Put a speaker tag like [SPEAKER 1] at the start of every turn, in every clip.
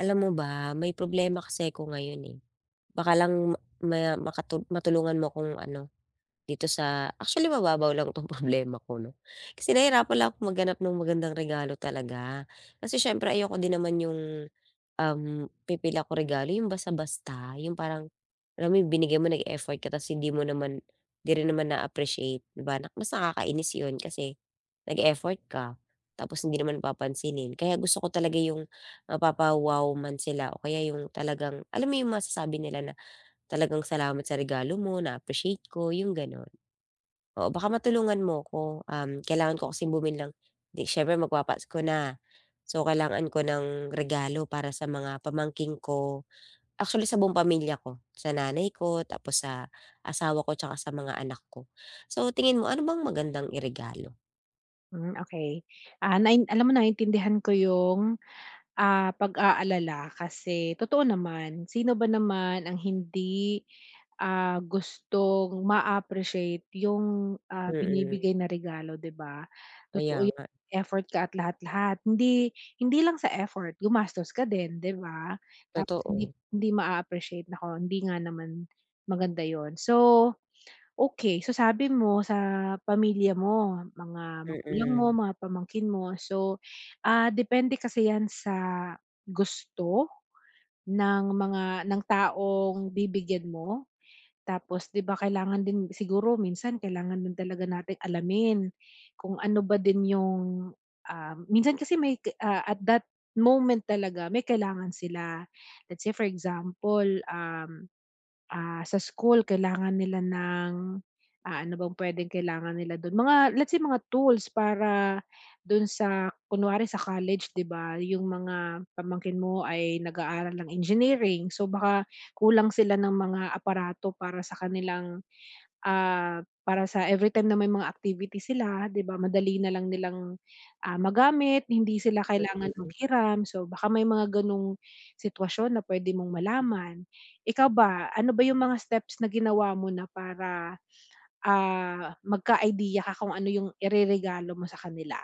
[SPEAKER 1] Alam mo ba, may problema kasi ako ngayon eh, baka lang ma makatu matulungan mo akong ano dito sa actually mababaw lang itong problema ko 'no. Kasi nahirap pala akong maghanap ng magandang regalo talaga, kasi siyempre ayoko din naman 'yong um, pipili ako regalo 'yong basta-basta 'yong parang alam mo yung binigay mo, nag effort ka kasi hindi mo naman 'di rin naman na-appreciate 'di ba? mas nakakainis 'yon kasi nag-effort ka tapos hindi naman papansinin kaya gusto ko talaga yung mapapa-wow man sila o kaya yung talagang alam mo yung masasabi nila na talagang "Salamat sa regalo mo, na-appreciate ko", yung gano'n. Oo baka matulungan mo ko, um, kailangan ko kasing bumili ng siyempre magpapasko ko na, so kailangan ko ng regalo para sa mga pamangkin ko, actually sa buong pamilya ko, sa nanay ko, tapos sa asawa ko, 'tsaka sa mga anak ko. So tingin mo ano bang magandang iregalo?
[SPEAKER 2] Hmm. Okey. Ah, nain alam mo naintindihan ko yung, ah, pag-aalala kasi totoo naman sino ba naman ang hindi, ah, gustong maappreciate yung, ah,
[SPEAKER 1] Mm.
[SPEAKER 2] binibigay na regalo 'di ba?
[SPEAKER 1] Kaya
[SPEAKER 2] Totoo yung
[SPEAKER 1] nga.
[SPEAKER 2] effort ka at lahat, lahat, hindi, hindi lang sa effort gumastos ka din 'di ba tapos hindi
[SPEAKER 1] Totoo.
[SPEAKER 2] hindi maa-appreciate naku hindi nga naman maganda 'yun. So, okay so sabi mo sa pamilya mo, mga magulang mo,
[SPEAKER 1] Mm.
[SPEAKER 2] mga pamangkin mo, so ah, depende kasi 'yan sa gusto ng mga, ng taong bibigyan mo. Tapos, 'di ba kailangan din siguro minsan kailangan din talaga nating alamin kung ano ba din yung, ah, minsan kasi may, ah, at that moment talaga may kailangan sila. Let's say for example, um, ah, sa school kailangan nila ng, ah, ano bang puwedeng kailangan nila dun mga let's say mga tools para dun sa kunwari sa college 'di ba yung mga pamangkin mo ay nag-aaral ng engineering so baka kulang sila ng mga aparato para sa kanilang, ah, para sa everytime na may mga activity sila 'di ba madali nalang nilang, ah, magamit hindi sila kailangan
[SPEAKER 1] Mm.
[SPEAKER 2] maghiram. So baka may mga ganong sitwasyon na puwede mong malaman. Ikaw ba ano ba yung mga steps na ginawa mo na para, ah, magka-idea ka kung ano yung ireregalo mo sa kanila?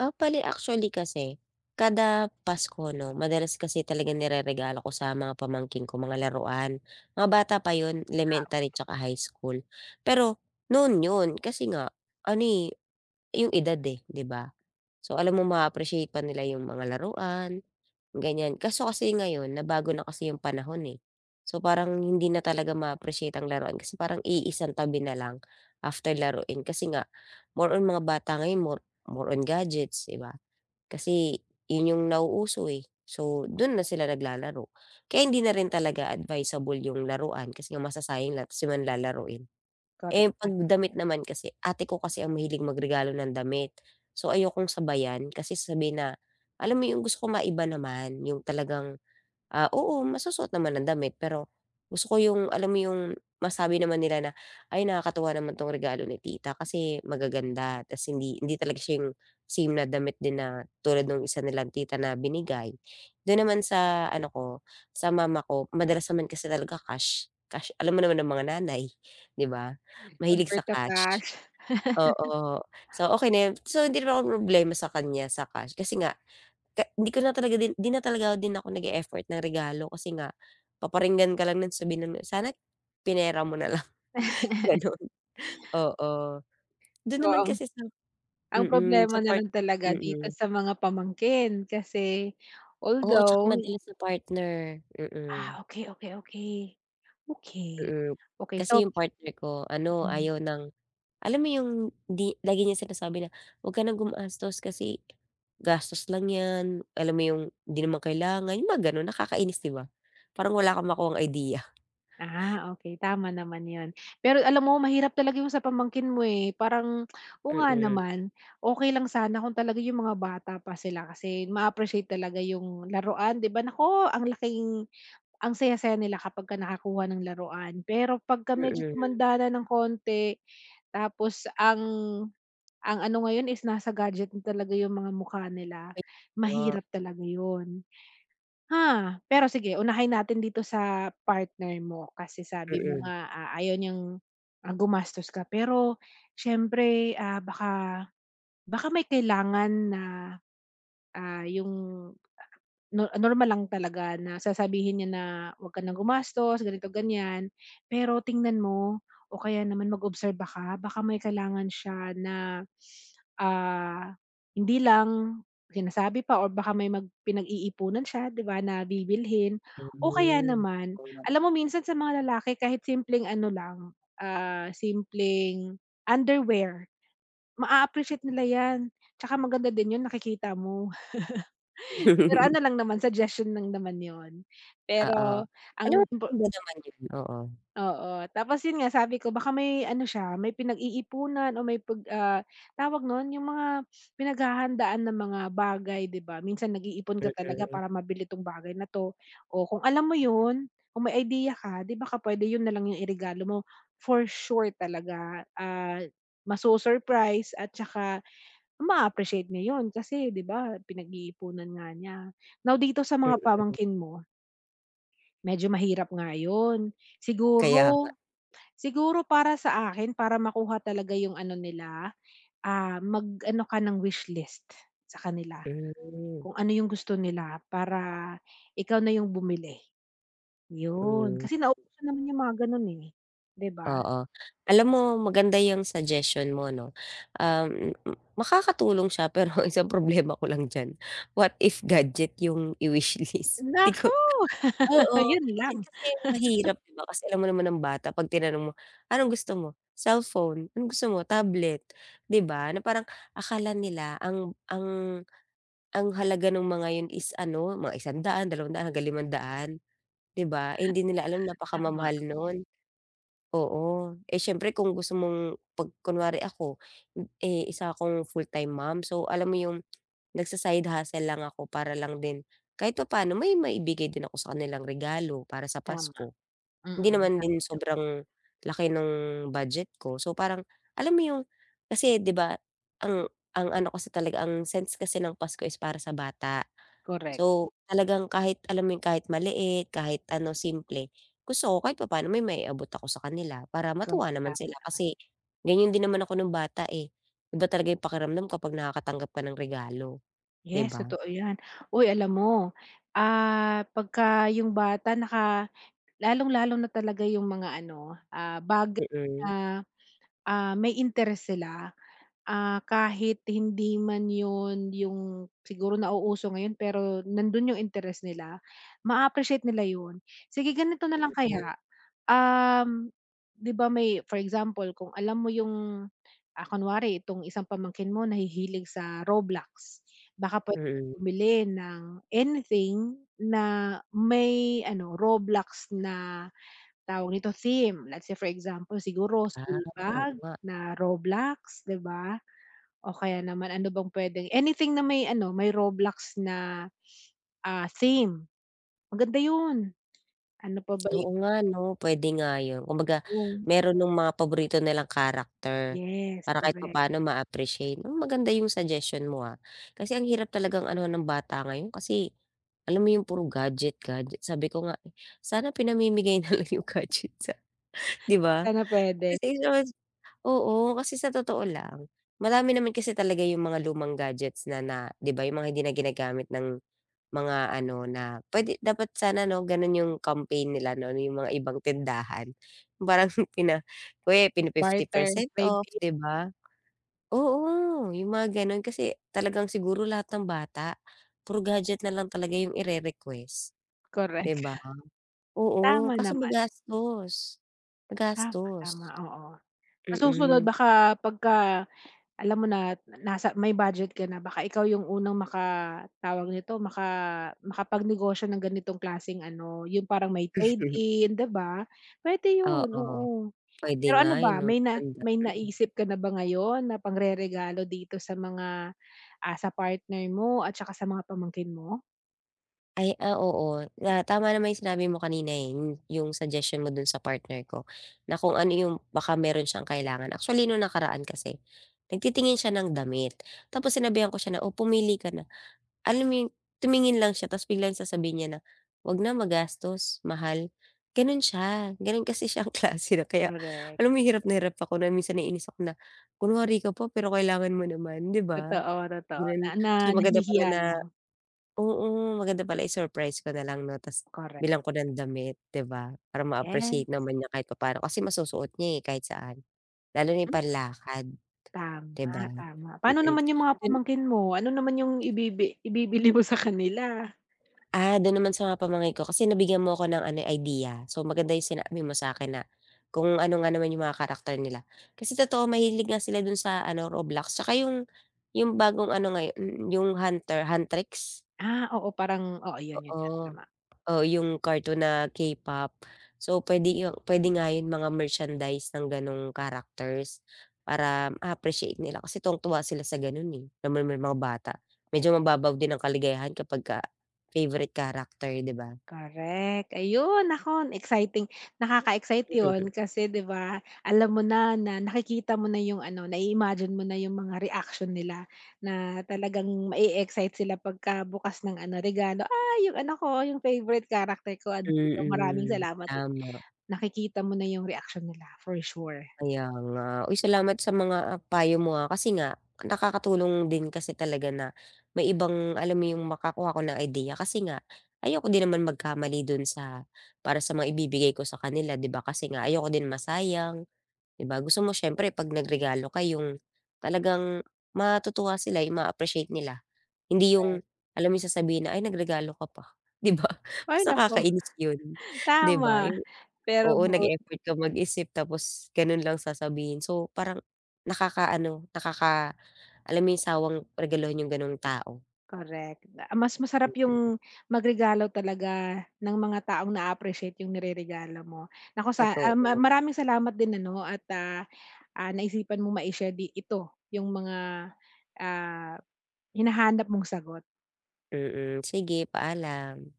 [SPEAKER 1] Ah, bale actually kasi, kada Pasko 'no madalas kasi talaga nireregalo ko sa mga pamangkin ko, mga laruan. Mga bata pa yun,
[SPEAKER 2] Ah,
[SPEAKER 1] elementary
[SPEAKER 2] okey.
[SPEAKER 1] tsaka high school. Pero, noon yun, kasi nga, ano eh, yung edad eh, 'di ba? So alam mong ma-appreciate pa nila yung mga laruan, ganyan. Kaso kasi ngayon nabago na kasi yung panahon eh. So parang hindi na talaga ma-appreciate ang laruan kasi parang iisang tabi na lang after laruin, kasi nga, more on mga bata ngayon more more on gadgets di ba? Kasi, yun yung nauuso eh, so dun na sila naglalaro. Kaya hindi na rin talaga advisable 'yong laruan kasi nga masasayang lang tas di man lalaruin.
[SPEAKER 2] Correct,
[SPEAKER 1] Eh, pag
[SPEAKER 2] tama
[SPEAKER 1] damit
[SPEAKER 2] yan.
[SPEAKER 1] naman kasi, ate ko kasi ang mahilig magregalo ng damit, so ayokong sabayan kasi sabihin na alam mo yung gusto ko maiba naman, yung talagang, ah, oo masusuot naman ang damit pero, gusto ko yung alam mo yung masabi naman nila na, "Ay nakakatuwa naman tong regalo ni tita kasi magaganda". Tas hindi hindi talaga siya yung same na damit din na, tulad nung isa nilang tita na binigay. Dun naman sa ano ko, sa mama ko madalas naman kasi talaga cash, cash, alam mo naman ng mga nanay, 'di ba? Mahilig sa
[SPEAKER 2] Convert to
[SPEAKER 1] cash.
[SPEAKER 2] cash.
[SPEAKER 1] Oo, so okey na yun. So hindi na ako mamroblema sa kanya sa cash kasi nga, ka hindi ko na talaga din 'di na talaga din ako nag-e-effort ng regalo kasi nga, paparinggan ka lang non, sabihin nun, "Sana pinera mo na lang," ganon. Oo. Dun naman
[SPEAKER 2] Oo.
[SPEAKER 1] kasi sa
[SPEAKER 2] Ang
[SPEAKER 1] mm,
[SPEAKER 2] problema
[SPEAKER 1] sa part
[SPEAKER 2] nalang talaga dito
[SPEAKER 1] mm.
[SPEAKER 2] sa mga pamangkin, kasi
[SPEAKER 1] Oo, tsaka
[SPEAKER 2] although
[SPEAKER 1] madalas sa partner, mm.
[SPEAKER 2] Ah, okey, okey, okey. Okey.
[SPEAKER 1] Mm,
[SPEAKER 2] Okey, so
[SPEAKER 1] kasi yung partner ko ano
[SPEAKER 2] Mm.
[SPEAKER 1] ayaw ng alam mo yung di lagi niyang sinasabi na, wag ka ng gumastos kasi gastos lang yan, alam mo yung hindi naman kailangan, yung mga ganon nakakainis 'di ba? Parang wala kang makuhang idea.
[SPEAKER 2] Ah, okey, tama naman yun. Pero alam mo mahirap talaga yung sa pamangkin mo eh, parang, oo nga
[SPEAKER 1] Mm.
[SPEAKER 2] naman, okey lang sana kung talaga yung mga bata pa sila kasi, maa-appreciate talaga yung laruan 'di ba? Nako, ang laking ang saya-saya nila kapag ka nakakuha ng laruan. Pero, pag ka medyo
[SPEAKER 1] Mm.
[SPEAKER 2] tumanda na ng konti, tapos ang ang ano ngayon is nasa gadget na talaga yung mga mukha nila,
[SPEAKER 1] Ay nga.
[SPEAKER 2] mahirap talaga yun. Ah, pero sige unahin natin dito sa partner mo, kasi sabi mo
[SPEAKER 1] Mm.
[SPEAKER 2] nga, ah, ayaw niyang, ah, gumastos ka pero, syempre, ah, baka baka may kailangan na, ah, yung no normal lang talaga na sasabihin niya na, wag ka ng gumastos ganito ganyan, pero tingnan mo o kaya naman mag-obserba ka baka may kailangan siya na, ah, hindi lang sinasabi pa or baka may mag pinag-iipunan siya 'di ba na bibilhin. O kaya
[SPEAKER 1] Hmm.
[SPEAKER 2] naman, alam mo minsan sa mga lalaki kahit simpleng ano lang, ah, simpleng underwear, maa-appreciate nila yan, tsaka maganda din yun, nakikita mo. Pero ano lang naman, suggestion lang naman yun.
[SPEAKER 1] Oo.
[SPEAKER 2] Pero ang
[SPEAKER 1] Alam mo
[SPEAKER 2] impor
[SPEAKER 1] [unintelligible] naman yun, oo.
[SPEAKER 2] Oo, tapos yun nga sabi ko baka may ano siya may pinag-iipunan o may pag, ah tawag nun, yung mga pinaghahandaan ng mga bagay 'di ba, minsan nag-iipon ka talaga
[SPEAKER 1] Mm.
[SPEAKER 2] para mabili tong bagay na to. Oh, kung alam mo yun, kung may idea ka di baka pwede yun nalang yung iregalo mo, for sure talaga, ah, ma-su-surprise at tsaka ma-appreciate nya 'yon, kasi 'di ba pinag-iipunan nga niya. Now dito sa mga
[SPEAKER 1] Mm.
[SPEAKER 2] pamangkin mo medyo mahirap nga yun.
[SPEAKER 1] Kaya nga.
[SPEAKER 2] Siguro siguro para sa akin para makuha talaga yung ano nila, ah, mag ano ka ng wish list sa kanila.
[SPEAKER 1] Hmm.
[SPEAKER 2] Kung ano yung gusto nila, para ikaw na yung bumili. Yun,
[SPEAKER 1] Hmm.
[SPEAKER 2] kasi na uso naman yung mga ganun eh, 'di ba?
[SPEAKER 1] Oo. Alam mo maganda yung suggestion mo no. Ah, m m makakatulong siya pero isang problema ko lang diyan, what if gadget yung i-wish list? Di
[SPEAKER 2] Naku.
[SPEAKER 1] ko oo,
[SPEAKER 2] Yun
[SPEAKER 1] yun
[SPEAKER 2] lang.
[SPEAKER 1] kasi mahirap 'di ba kasi alam mo naman ang bata 'pag tinanong mo, "Anong gusto mo?" "Cellphone" "Anong gusto mo?" "Tablet," di ba? na parang akala nila ang ang ang halaga ng mga 'yon is ano, mga P100, P200, hanggang P500, 'di ba? Eh, hindi nila alam
[SPEAKER 2] Tama.
[SPEAKER 1] napakamamahal nun. Oo, eh, siyempre kung gusto mong pag kunwari ako, eh, isa akong full-time mom, so alam mo yung, nagsa-side hustle lang ako para lang din kahit papaano may maibigay din ako sa kanilang regalo, para sa
[SPEAKER 2] Tama,
[SPEAKER 1] Pasko. Hindi
[SPEAKER 2] Mm,
[SPEAKER 1] naman din
[SPEAKER 2] tama.
[SPEAKER 1] sobrang laki ng budget ko. So parang alam mo yung kasi 'di ba ang ang ano kasi talaga ang sense kasi ng Pasko is para sa bata.
[SPEAKER 2] Correct.
[SPEAKER 1] So, talagang kahit alam yung kahit maliit, kahit ano simple, gusto ko kahit papano may maiabot ako sa kanila, para
[SPEAKER 2] Correct,
[SPEAKER 1] matuwa naman
[SPEAKER 2] tama
[SPEAKER 1] sila.
[SPEAKER 2] naman.
[SPEAKER 1] Kasi, ganyan din naman ako nung bata eh, iba talaga yung pakiramdam kapag nakakatanggap ka ng regalo, 'di
[SPEAKER 2] Yes,
[SPEAKER 1] ba?
[SPEAKER 2] totoo yan. Uy, alam mo, ah, pagka yung bata naka lalong-lalo na talaga yung mga ano, ah, bagay
[SPEAKER 1] Mm.
[SPEAKER 2] na, ah, may interest sila, ah, kahit hindi man yun yung siguro nauuso ngayon pero nandun yung interest nila, maa-appreciate nila yun. Sige, ganito na lang
[SPEAKER 1] Mm.
[SPEAKER 2] kaya, um, 'di ba may for example, kung alam mo yung, ah kunwari itong isang pamangkin mo nahihilig sa Roblox, baka pwede ka
[SPEAKER 1] Mm.
[SPEAKER 2] bumili ng anything na may ano, Roblox na, tawag nito, theme. Let's say for example, siguro
[SPEAKER 1] Ah,
[SPEAKER 2] school
[SPEAKER 1] oo
[SPEAKER 2] bag
[SPEAKER 1] nga.
[SPEAKER 2] na Roblox, di ba? O kaya naman ano bang puwedeng anything na may ano may Roblox na, ah, theme, maganda yun. Ano pa ba i
[SPEAKER 1] Oo nga 'no, pwede nga yun. Kumbaga,
[SPEAKER 2] Hmm.
[SPEAKER 1] meron nung mga paborito nilang character,
[SPEAKER 2] Yes,
[SPEAKER 1] para kahit
[SPEAKER 2] correct.
[SPEAKER 1] papano ma-appreciate. Ah, maganda yung suggestion mo, ah, kasi ang hirap talagang anuhan ng bata ngayon kasi, alam mo yung puro gadget gadget. Sabi ko nga, sana pinamimigay nalang yung gadget sa 'di ba?
[SPEAKER 2] Sana pwede.
[SPEAKER 1] [unintelligible] oo, kasi sa totoo lang, marami naman kasi talaga yung mga lumang gadgets na na 'di ba yung mga hindi na ginagamit ng mga ano, na pwede dapat sana no, ganon yung campaign nila no? Yung mga ibang tindahan. Parang pina pini fifty
[SPEAKER 2] Barter,
[SPEAKER 1] percent off
[SPEAKER 2] trade-in.
[SPEAKER 1] di ba? Oo, yung mga ganon, kasi talagang siguro lahat ng bata, puro gadget nalang talaga yung i-rerequest,
[SPEAKER 2] Correct.
[SPEAKER 1] di ba? Oo,
[SPEAKER 2] Tama
[SPEAKER 1] kaso
[SPEAKER 2] naman.
[SPEAKER 1] magastos.
[SPEAKER 2] Tama,
[SPEAKER 1] Magastos.
[SPEAKER 2] tama, oo. Sa susunod
[SPEAKER 1] Mm.
[SPEAKER 2] baka pagka alam mo na, nasa may budget ka na baka ikaw yung unang maka tawag nito, maka makapagnegosyo ng ganitong klaseng ano, yun parang may trade-in 'di ba? Pwede yun,
[SPEAKER 1] Oo.
[SPEAKER 2] oo.
[SPEAKER 1] Pwede
[SPEAKER 2] Pero
[SPEAKER 1] nga
[SPEAKER 2] ano
[SPEAKER 1] eh
[SPEAKER 2] ba,
[SPEAKER 1] no,
[SPEAKER 2] may na
[SPEAKER 1] ganda,
[SPEAKER 2] may
[SPEAKER 1] mm.
[SPEAKER 2] naisip ka na ba ngayon na pangreregalo dito sa mga ah, sa partner mo at tsaka sa mga pamangkin mo?
[SPEAKER 1] Ay, ah, oo, nga tama naman 'yong sinabi mo kanina eh, 'yong 'yong suggestion mo do'n sa partner ko na kung ano 'yong baka meron s'yang kailangan actually no'ng nakaraan kasi nagtitingin siya ng damit tapos sinabihan ko siya na, "oh, pumili ka na," alam mo 'yong, tumingin lang siya tapos biglang sasabihin niya na 'wag na magastos mahal gano'n s'ya, gano'n kasi s'yang klase na kaya
[SPEAKER 2] Correct.
[SPEAKER 1] alam mo hirap na hirap ako na minsan naiinis ako na, kunwari ka pa pero kailangan mo naman 'di ba,
[SPEAKER 2] Totoo totoo na
[SPEAKER 1] gano'n.
[SPEAKER 2] na
[SPEAKER 1] So maganda pala
[SPEAKER 2] nahihiya
[SPEAKER 1] na
[SPEAKER 2] lang.
[SPEAKER 1] oo, maganda pala i-surprise ko nalang 'no 'tas
[SPEAKER 2] Correct.
[SPEAKER 1] bilang ko ng damit 'di ba, parang
[SPEAKER 2] Gets.
[SPEAKER 1] ma-appreciate naman niya kahit papa'no, kasi masusuot niya eh, kahit saan. Lalo na 'yong
[SPEAKER 2] Hmm.
[SPEAKER 1] panlakad, 'di ba?
[SPEAKER 2] Tama, tama paano
[SPEAKER 1] mhm,
[SPEAKER 2] naman 'yong mga
[SPEAKER 1] 'yon
[SPEAKER 2] pamangkin mo, ano naman 'yong ibibi ibibili mo sa kanila?
[SPEAKER 1] Ah, do'n naman sa pamangkin ko kasi nabigyan mo ako ng ano idea so, maganda 'yong sinabi mo sa akin na kung ano nga naman 'yong mga character nila, kasi totoo mahilig nga sila do'n sa ano Roblox, 'saka 'yong 'yong bagong ano ngayon 'yo 'yong Hunter Huntrix.
[SPEAKER 2] Ah, oo, parang oo, 'yon 'yon, nga
[SPEAKER 1] Oo,
[SPEAKER 2] tama.
[SPEAKER 1] o 'yong cartoon na K-pop, so pwede 'yon pwede nga 'yong mga merchandise ng gano'ng characters para ma-appreciate nila kasi tuwang-tuwa sila sa gano'n eh, alam mo naman mga bata, medyo mababaw din ang kaligayahan kapag ka favorite character, 'di ba?
[SPEAKER 2] Correct, ayon nako exciting, nakaka-excite 'yon, kasi 'di ba alam mo na na nakikita mo na 'yong ano, nai-imagine mo na 'yong mga reaksyon nila, na talagang ma-excite sila pagka bukas ng ano regalo "ay, 'yong anak ko 'yong favorite character ko andito maraming
[SPEAKER 1] Mhm,
[SPEAKER 2] salamat"
[SPEAKER 1] tama.
[SPEAKER 2] nakikita mo na 'yong reaksyon nila for sure.
[SPEAKER 1] Kaya nga, uy, salamat sa mga ah, payo mo ah, kasi nga nakakatulong din kasi talaga na may ibang alam mo 'yong makakuha ko ng ideya, kasi nga, ayoko din naman magkamali do'n sa para sa mga ibibigay ko sa kanila, di ba, kasi nga ayoko din masayang 'di ba gusto mo s'yempre pag nagregalo ka 'yong talagang matutuwa sila, 'yong ma-a-appreciate nila, hindi 'yong alam mo sasabihin na "ay nagregalo ka pa", 'di ba mas
[SPEAKER 2] Ay nako,
[SPEAKER 1] nakakainis 'yon 'di
[SPEAKER 2] tama
[SPEAKER 1] ba 'yong,
[SPEAKER 2] pero
[SPEAKER 1] oo,
[SPEAKER 2] but
[SPEAKER 1] nag-effort ka mag-isip, tapos gano'n lang sasabihin, so parang nakaka-ano nakaka alam mo 'yon, sawang regaluhan 'yong gano'ng tao.
[SPEAKER 2] Correct da mas masarap
[SPEAKER 1] Mm.
[SPEAKER 2] 'yong magregalo talaga, ng mga taong na-a-appreciate 'yong nireregalo mo nako, sa um, ma
[SPEAKER 1] Totoo.
[SPEAKER 2] mar maraming salamat din ano at, ah ah, naisipan mong ma-i-share di ito 'yong mga, ah, hinahanap mong sagot.
[SPEAKER 1] Mm, sige paalam.